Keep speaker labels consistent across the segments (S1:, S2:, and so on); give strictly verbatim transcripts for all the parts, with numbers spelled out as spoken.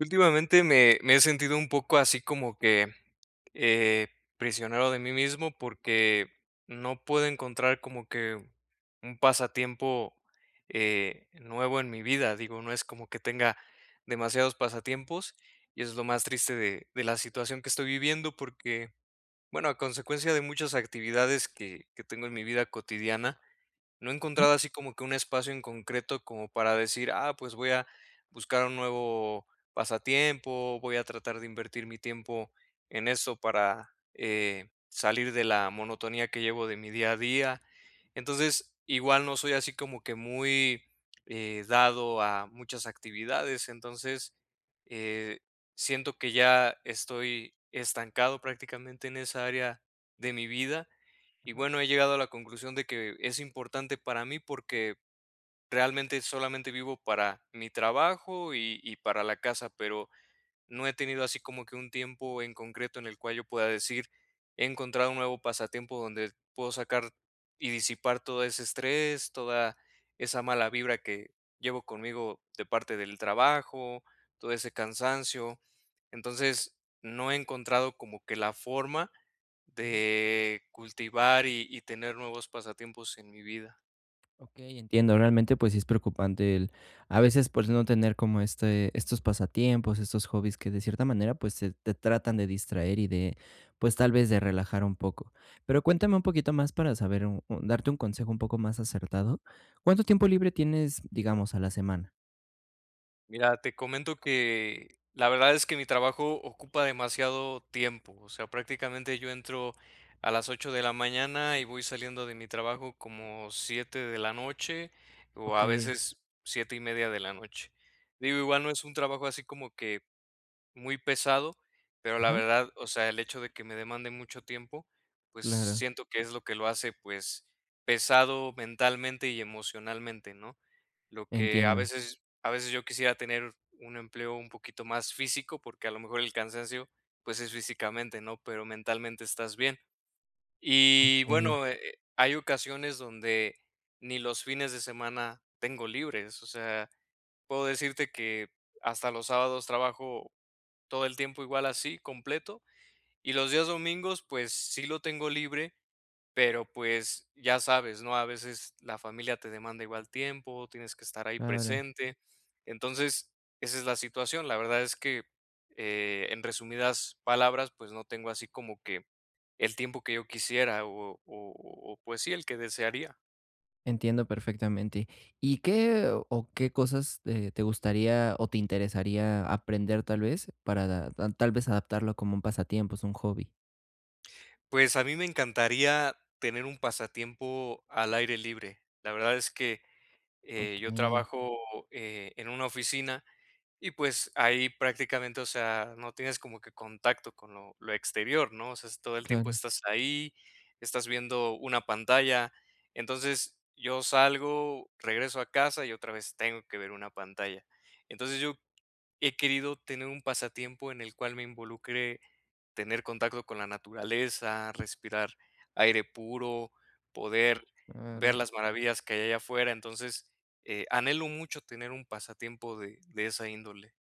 S1: Últimamente, me me he sentido un poco así como que, eh, prisionero de mí mismo porque no puedo encontrar como que un pasatiempo, eh, nuevo en mi vida. Digo, no es como que tenga demasiados pasatiempos y eso es lo más triste de de la situación que estoy viviendo porque, bueno, a consecuencia de muchas actividades que que tengo en mi vida cotidiana, no he
S2: Ajá.
S1: encontrado así como que un espacio en concreto como para decir: "Ah, pues voy a buscar un nuevo pasatiempo, voy a tratar de invertir mi tiempo en eso para, eh, salir de la monotonía que llevo de mi día a día". Entonces, igual no soy así como que muy, eh, dado a muchas actividades. Entonces, eh, siento que ya estoy estancado prácticamente en esa área de mi vida. Y
S2: Ajá.
S1: bueno, he llegado a la conclusión de que es importante para mí porque realmente solamente vivo para mi trabajo y y para la casa, pero no he tenido así como que un tiempo en concreto en el cual yo pueda decir: "He encontrado un nuevo pasatiempo donde puedo sacar y disipar todo ese estrés, toda esa mala vibra que llevo conmigo de parte del trabajo, todo ese cansancio". Entonces, no he encontrado como que la forma
S2: Ajá.
S1: de cultivar y y tener nuevos pasatiempos en mi vida.
S2: Okey, entiendo, realmente, pues sí es preocupante el a veces pues no tener como este estos pasatiempos, estos hobbies que de cierta manera, pues se te tratan de distraer y de pues tal vez de relajar un poco. Pero cuéntame un poquito más para saber u u darte un consejo un poco más acertado. ¿Cuánto tiempo libre tienes, digamos, a la semana?
S1: Mira, te comento que la verdad es que mi trabajo ocupa demasiado tiempo. O sea, prácticamente yo entro a las ocho de la mañana y voy saliendo de mi trabajo como siete de la noche o a
S2: Okey.
S1: veces siete y media de la noche. Digo, igual no es un trabajo así como que muy pesado, pero la
S2: Ajá.
S1: verdad, o sea, el hecho de que me demande mucho tiempo, pues
S2: Claro.
S1: siento que es lo que lo hace, pues, pesado mentalmente y emocionalmente, ¿no? Lo que a
S2: Entiendo.
S1: veces a veces yo quisiera tener un empleo un poquito más físico, porque a lo mejor el cansancio, pues es físicamente, ¿no?, pero mentalmente estás bien. Y
S2: Okey.
S1: bueno, eh eh, hay ocasiones donde ni los fines de semana tengo libres. O sea, puedo decirte que hasta los sábados trabajo todo el tiempo igual así completo y los días domingos, pues sí, lo tengo libre, pero pues ya sabes, ¿no?, a veces la familia te demanda igual tiempo, tienes que estar ahí
S2: Claro.
S1: presente. Entonces esa es la situación. La verdad es que, eh, en resumidas palabras, pues no tengo así como que el tiempo que yo quisiera o o o o o pues sí, el que desearía.
S2: Entiendo perfectamente. ¿Y qué, o qué cosas, eh, te gustaría o te interesaría aprender, tal vez? Para da tal vez adaptarlo como un pasatiempos, un hobby.
S1: Pues a mí me encantaría, tener un pasatiempo al aire libre. La verdad es que, eh, yo
S2: Okey.
S1: trabajo, eh, en una oficina, y pues, ahí prácticamente, o sea, no tienes como que contacto con lo lo exterior, ¿no? O sea, es todo el tiempo
S2: Claro.
S1: estás ahí, estás viendo una pantalla. Entonces, yo salgo, regreso a casa y otra vez tengo que ver una pantalla. Entonces, yo he querido tener un pasatiempo, en el cual me involucre, tener contacto con la naturaleza, respirar aire puro, poder ver
S2: Claro.
S1: las maravillas que hay allá afuera. Entonces, eh, anhelo mucho tener un pasatiempo de de esa índole.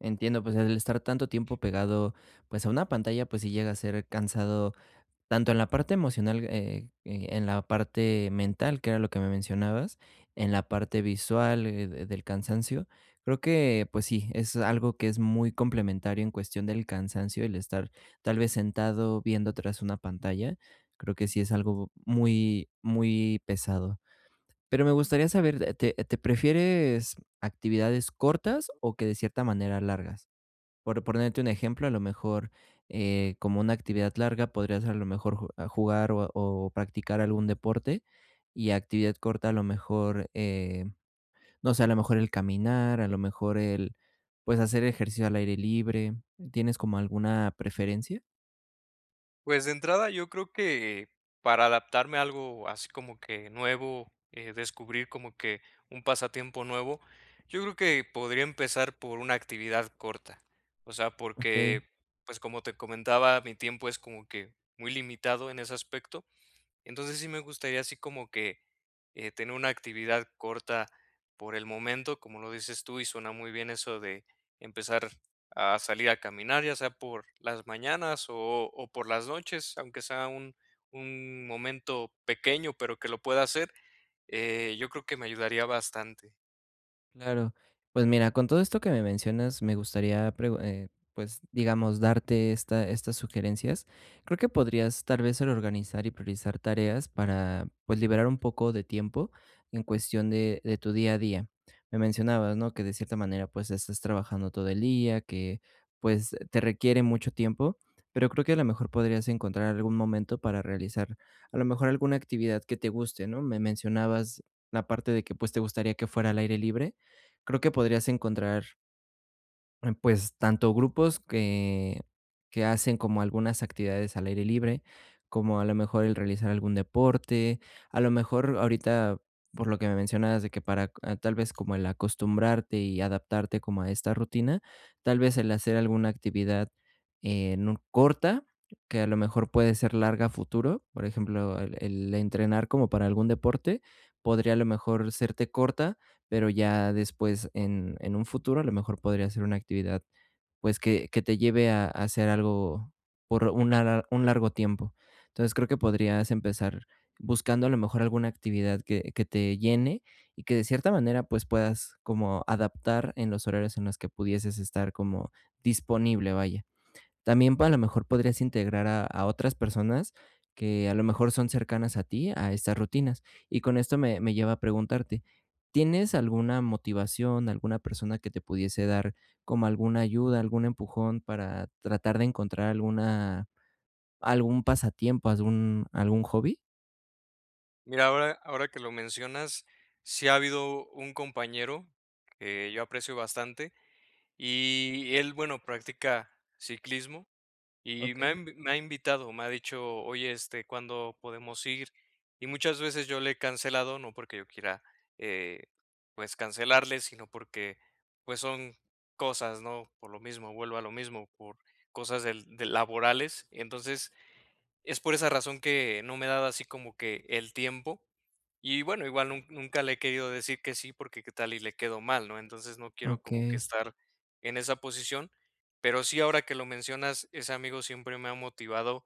S2: Entiendo. Pues el estar tanto tiempo pegado, pues a una pantalla, pues sí llega a ser cansado, tanto en la parte emocional, eh eh, en la parte mental, que era lo que me mencionabas. En la parte visual de del cansancio. Creo que, pues sí, es algo que es muy complementario, en cuestión del cansancio, el estar, tal vez sentado viendo tras una pantalla. Creo que sí es algo muy muy pesado. Pero me gustaría saber, te te ¿Prefieres actividades cortas, o que de cierta manera largas? Por pronerte un ejemplo, a lo mejor, eh, como una actividad larga, podría ser, a lo mejor, ju a jugar o o practicar algún deporte. Y actividad corta, a lo mejor, eh, no sé. A lo mejor el caminar. A lo mejor el Pues hacer ejercicio al aire libre. ¿Tienes como alguna preferencia?
S1: Pues, de entrada, yo creo que para adaptarme a algo así como que nuevo, eh, descubrir como que un pasatiempo nuevo, yo creo que podría empezar por una actividad corta. O sea,
S2: Okey.
S1: porque, pues, como te comentaba, mi tiempo es como que muy limitado en ese aspecto. Entonces, sí me gustaría así como que, eh, tener una actividad corta por el momento, como lo dices tú y suena muy bien eso de empezar a salir a caminar, ya sea por las mañanas o o por las noches, aunque sea un un momento pequeño, pero que lo pueda hacer, eh, yo creo que me ayudaría bastante.
S2: Claro. Pues, mira, con todo esto que me mencionas, me gustaría pregu eh, pues, digamos darte esta estas sugerencias. Creo que podrías tal vez el organizar y priorizar tareas para, pues, liberar un poco de tiempo en cuestión de de tu día a día. Me mencionabas, ¿no?, que de cierta manera, pues, es estás trabajando todo el día que, pues, te requiere mucho tiempo, pero creo que a lo mejor podrías encontrar algún momento para realizar a lo mejor alguna actividad que te guste, ¿no? Me mencionabas la parte de que, pues, te gustaría que fuera al aire libre. Creo que podrías encontrar Em, pues, tanto grupos que, que hacen como algunas actividades al aire libre, como a lo mejor el realizar algún deporte, a lo mejor ahorita, por lo que me mencionabas de que, ah, para tal vez como el acostumbrarte y adaptarte como a esta rutina, tal vez el hacer alguna actividad, eh, nu corta, que a lo mejor puede ser larga a futuro, por ejemplo, el el entrenar como para algún deporte, podría a lo mejor serte corta, pero ya después en en un futuro, a lo mejor podría ser una actividad, pues que que te lleve a hacer algo por una un largo tiempo. Entonces creo que podrías empezar buscando a lo mejor alguna actividad que que te llene y que de cierta manera, pues puedas como adaptar en los horarios en los que pudieses estar como disponible, vaya. También a lo mejor podrías integrar a a otras personas, que a lo mejor son cercanas a ti, a estas rutinas. Y esto me me lleva a preguntarte, ¿tienes alguna motivación, alguna persona que te pudiese dar como alguna ayuda, algún empujón para tratar de encontrar alguna algún pasatiempo, algún algún hobby?
S1: Mira, ahora ahora que lo mencionas, sí ha habido un compañero que yo aprecio bastante, y él, bueno, practica ciclismo y me ha
S2: Okey.
S1: en me ha invitado, me ha dicho: "Oye, este, ¿cuándo podemos ir?". Y muchas veces yo le he cancelado, no porque yo quiera, eh, pues cancelarle, sino porque, pues son cosas, ¿no? Por lo mismo, vuelvo a lo mismo, por cosas del de laborales. Entonces, es por esa razón que no me he dado así como que el tiempo y bueno, igual nun nunca le he querido decir que sí, porque ¿qué tal y le quedo mal, no? Entonces no quiero como que
S2: Okey.
S1: estar en esa posición, pero sí ahora que lo mencionas, ese amigo siempre me ha motivado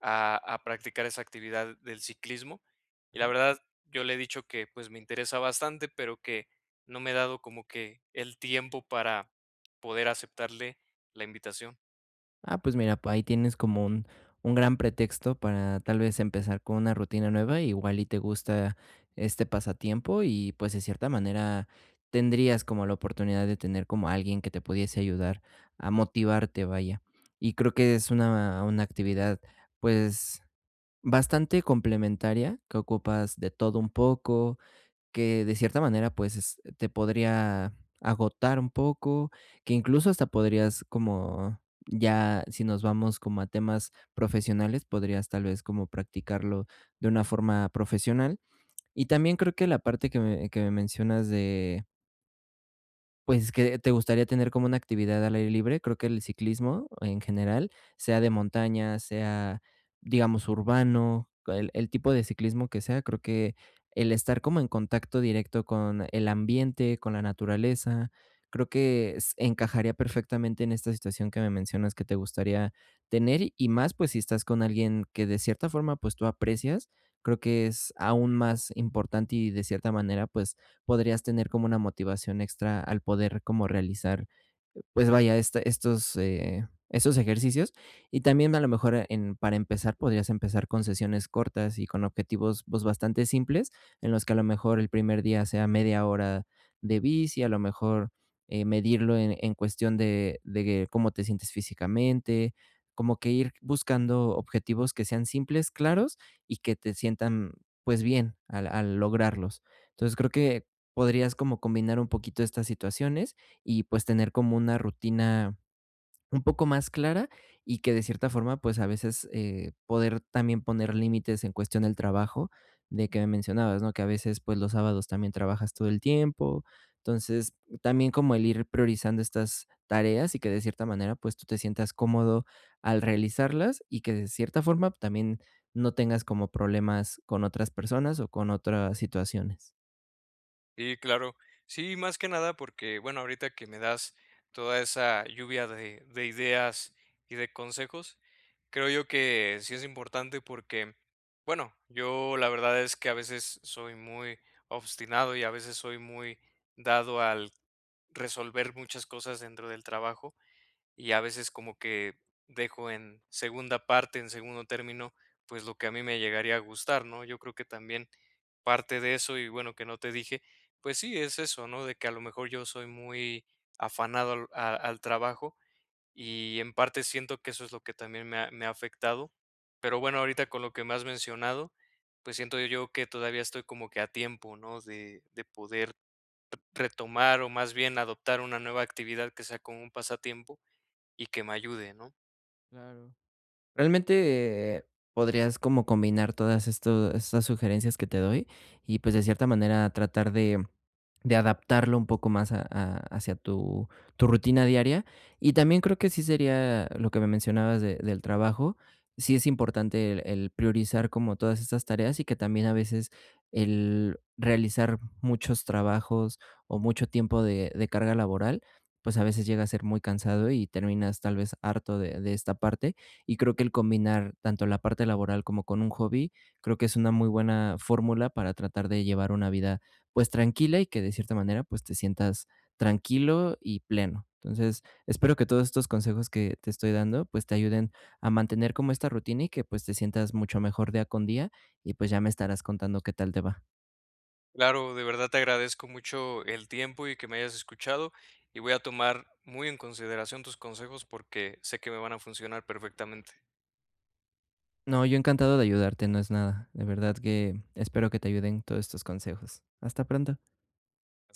S1: a a practicar esa actividad del ciclismo y la
S2: Ajá.
S1: verdad, yo le he dicho que, pues, me interesa bastante, pero que no me he dado como que el tiempo para poder aceptarle la invitación.
S2: Ah, pues mira, pues ahí tienes como un un gran pretexto para tal vez empezar con una rutina nueva. Igual y te gusta este pasatiempo y, pues, de cierta manera tendrías como la oportunidad de tener como alguien que te pudiese ayudar a motivarte, vaya. Y creo que es una una actividad, pues, bastante complementaria, que ocupas de todo un poco. Que de cierta manera, pues, te podría agotar un poco, que incluso hasta podrías como, ya si nos vamos como a temas profesionales, podrías tal vez como practicarlo de una forma profesional. Y también creo que la parte que me que me mencionas de Pues, que te gustaría tener como una actividad al aire libre. Creo que el ciclismo en general sea de montaña, sea, digamos urbano, co el el tipo de ciclismo que sea, creo que el estar como en contacto directo con el ambiente, con la naturaleza, creo que s encajaría perfectamente en esta situación que me mencionas que te gustaría tener. Y más, pues, si estás con alguien que de cierta forma, pues, tú aprecias, creo que es aún más importante y de cierta manera, pues, podrías tener como una motivación extra al poder como realizar, pues vaya, este estos, eh, estos ejercicios. Y también a lo mejor, eh, en, para empezar, podrías empezar con sesiones cortas y con objetivos, pues, bastante simples en los que a lo mejor el primer día sea media hora de bici, a lo mejor, eh, medirlo en en cuestión de de cómo te sientes físicamente. Como que ir buscando objetivos que sean simples, claros y que te sientan, pues, bien, al al lograrlos. Entonces creo que podrías como combinar un poquito estas situaciones y, pues, tener como una rutina un poco más clara y que de cierta forma, pues, a veces, eh, poder también poner límites en cuestión del trabajo de que me mencionabas, ¿no?, que a veces, pues, los sábados también trabajas todo el tiempo. Entonces también como el ir priorizando estas tareas y que de cierta manera, pues, tú te sientas cómodo al realizarlas y que de cierta forma también no tengas como problemas con otras personas o con otras situaciones.
S1: Sí, claro. Sí, más que nada porque, bueno, ahorita que me das toda esa lluvia de de ideas y de consejos, creo yo que sí es importante porque, bueno, yo la verdad es que a veces soy muy obstinado y a veces soy muy dado al resolver muchas cosas dentro del trabajo, y a veces como que dejo en segunda parte, en segundo término, pues, lo que a mí me llegaría a gustar, ¿no? Yo creo que también parte de eso y bueno, que no te dije, pues sí, es eso, ¿no? De que a lo mejor yo soy muy afanado al a al trabajo y en parte siento que eso es lo que también me ha me ha afectado. Pero bueno, ahorita con lo que me has mencionado, pues, siento yo que todavía estoy como que a tiempo, ¿no? De de poder re retomar, o más bien adoptar una nueva actividad que sea como un pasatiempo y que me ayude, ¿no?
S2: Claro. Realmente, podrías como combinar todas estos estas sugerencias que te doy y, pues, de cierta manera tratar de de adaptarlo un poco más a-a hacia tu tu rutina diaria. Y también creo que sí sería lo que me mencionabas de del trabajo. Sí, es importante el el priorizar como todas estas tareas y que también a veces el realizar muchos trabajos o mucho tiempo de de carga laboral, pues, a veces llega a ser muy cansado y terminas tal vez harto de de esta parte y creo que el combinar tanto la parte laboral como con un hobby, creo que es una muy buena fórmula para tratar de llevar una vida, pues, tranquila y que de cierta manera, pues, te sientas tranquilo y pleno. Entonces espero que todos estos consejos que te estoy dando, pues, te ayuden a mantener como esta rutina y que, pues, te sientas mucho mejor día con día y, pues, ya me estarás contando qué tal te va.
S1: Claro, de verdad te agradezco mucho el tiempo y que me hayas escuchado y voy a tomar muy en consideración tus consejos porque sé que me van a funcionar perfectamente.
S2: No, yo encantado de ayudarte. No es nada. De verdad que espero que te ayuden todos estos consejos. Hasta pronto.